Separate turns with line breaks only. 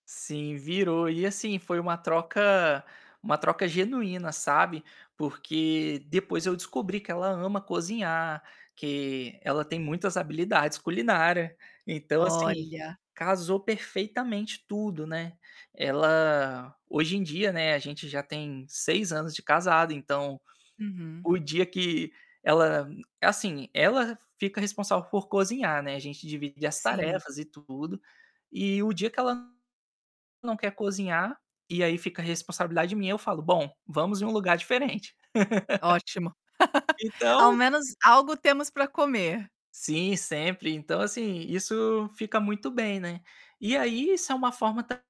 Sim, virou. E, assim, foi uma troca uma troca genuína, sabe, porque depois eu descobri que ela ama cozinhar, que ela tem muitas habilidades culinária. Então, assim,
Olha.
casou perfeitamente tudo, né. Ela hoje em dia não é a gente já tem 6 anos de casado, então,
Uhum.
o dia que ela assim, ela fica responsável por cozinhar, né, a gente divide as
Sim.
tarefas e tudo, e o dia que ela não quer cozinhar, e aí fica responsabilidade minha eu falo: "Bom, vamos em um lugar diferente".
Ótimo. Ao
Então
menos, algo temos para comer.
Sim, sempre. Então, assim, isso fica muito bem, né. E aí isso é uma forma tam